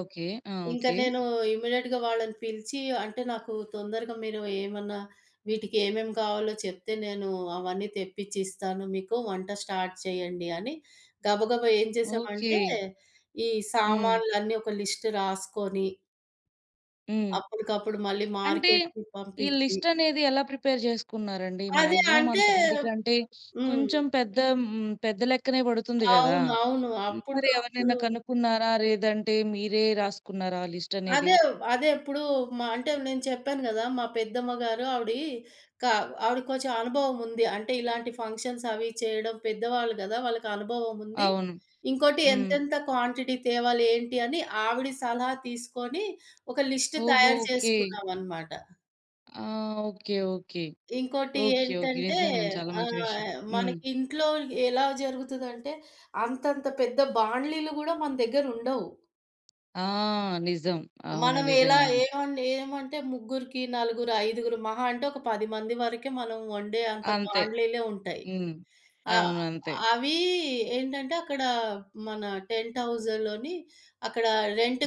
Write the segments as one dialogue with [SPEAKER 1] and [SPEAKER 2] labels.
[SPEAKER 1] Okay. ఆ!
[SPEAKER 2] ఇంక
[SPEAKER 1] okay.
[SPEAKER 2] నేనూ ఇమీడియేట్‌గా వాళ్ళని పిలిచీ, అంటే నాకు తొందరగా మీరు ఏమన్నా, వీటికేమేం కావాలో చెప్తే, నేనూ అవన్నీ తెప్పిచ్చిస్తాను మీకు, వంట స్టార్ట్ చేయండి అని, గబగబా ఏం జేసామంటే,
[SPEAKER 1] ఓకే.
[SPEAKER 2] ఈ
[SPEAKER 1] హ్మ్.
[SPEAKER 2] సామాన్లన్నీ ఒక లిస్ట్ రాసుకొని...
[SPEAKER 1] హ్మ్.
[SPEAKER 2] అప్పుడికప్పుడు మళ్ళీ
[SPEAKER 1] అంటే,
[SPEAKER 2] మార్కెట్టుకి
[SPEAKER 1] ఈ
[SPEAKER 2] పంపిచ్చి.
[SPEAKER 1] లిస్టనేది ఎలా ప్రిపేర్ జేసుకున్నారండి?
[SPEAKER 2] అదే
[SPEAKER 1] మ్యాగ్జిమం
[SPEAKER 2] అంటే
[SPEAKER 1] అంతమందికంటే,
[SPEAKER 2] హ్మ్.
[SPEAKER 1] కొంచెం పెద్ద హ్మ్, పెద్ద లెక్కనే బడుతుంది గదా!
[SPEAKER 2] అవును. అవును.
[SPEAKER 1] హ్మ్. మరి
[SPEAKER 2] అప్పుడికప్పుడు
[SPEAKER 1] ఎవరినైనా కనుక్కున్నారా? లేదంటే మీరే రాసుకున్నారా? లిస్టనేది.
[SPEAKER 2] అదే వ్ అదే ఇప్పుడూ మా అంటే, నేను చెప్పాను గదా! మా పెద్దమ్మ గారు ఆవిడి కావ్ ఆవిడికి కొంచెం అనుభవం ఉంది. అంటే, ఇలాంటి ఫంక్షన్సవీ చేయడం, పెద్దవాళ్ళు గదా! వాళ్ళకనుభవముంది,
[SPEAKER 1] అవును.
[SPEAKER 2] ఇంకోటి,
[SPEAKER 1] హ్మ్.
[SPEAKER 2] ఎంతెంత క్వాంటిటీ తేవాలి, ఏంటి అని, ఆవిడి సలహా తీసుకొని, ఒక లిస్ట్
[SPEAKER 1] ఓహో!
[SPEAKER 2] తయారు
[SPEAKER 1] ఓకే.
[SPEAKER 2] చేసుకున్నామనమాట.
[SPEAKER 1] ఆ! ఓకే. ఓకే.
[SPEAKER 2] ఇంకోటి
[SPEAKER 1] ఓకే. ఓకే.
[SPEAKER 2] ఏంటంటే,
[SPEAKER 1] నిజంగండి, చాలా మంచి విషయం.
[SPEAKER 2] ఆహ్,
[SPEAKER 1] హ్మ్.
[SPEAKER 2] మనకింట్లో ఎలా జరుగుతదంటే, అంతంత పెద్ద బాండీలు గూడా మన దెగ్గరుండవు.
[SPEAKER 1] ఆ! నిజం. అవును
[SPEAKER 2] మనం ఎలా,
[SPEAKER 1] నిజంగానే.
[SPEAKER 2] ఏమండి, ఏమంటే, ముగ్గురికి, నలుగురు, ఐదుగురు, మహా అంటే, ఒక 10 మంది వరకే, మనం వండే అంత
[SPEAKER 1] అంతే.
[SPEAKER 2] బాండీలే ఉంటాయి.
[SPEAKER 1] హ్మ్.
[SPEAKER 2] ఆహ్,
[SPEAKER 1] అవును అంతే.
[SPEAKER 2] అవీ ఏంటంటే, అక్కడా మన టెంట్ హౌజులోని అక్కడ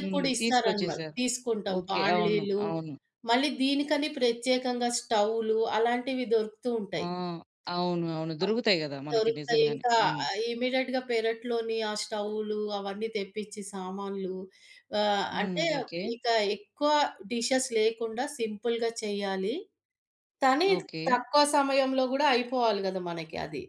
[SPEAKER 1] హ్మ్. తీసుకొచ్చేసారు.
[SPEAKER 2] తీసుకుంటాం
[SPEAKER 1] ఓకే. అవును.
[SPEAKER 2] బాండీలు,
[SPEAKER 1] అవును.
[SPEAKER 2] మళ్ళీ దీనికని ప్రత్యేకంగా స్టవ్వులు, అలాంటివి దొరుకుతూ
[SPEAKER 1] ఆ!
[SPEAKER 2] ఉంటాయి.
[SPEAKER 1] అవును. అవును.
[SPEAKER 2] ఆ!
[SPEAKER 1] దొరుకుతాయి గదా! మనకి నిజంగానే.
[SPEAKER 2] దొరుకుతాయింకా
[SPEAKER 1] హ్మ్.
[SPEAKER 2] ఆహ్, ఇమీడియేట్‌గా పెరట్లోని ఆ స్టవ్వులు, అవన్నీ తెప్పిచి సామాన్లు, ఆహ్,
[SPEAKER 1] హ్మ్.
[SPEAKER 2] అంటే,
[SPEAKER 1] ఓకే.
[SPEAKER 2] ఇంకా ఎక్కువ డిషెస్ లేకుండా, సింపుల్‌గా చెయ్యాలి. తనీ
[SPEAKER 1] ఓకే.
[SPEAKER 2] తక్కువ సమయంలో గూడా అయిపోవాలి గదా! మనకి అది.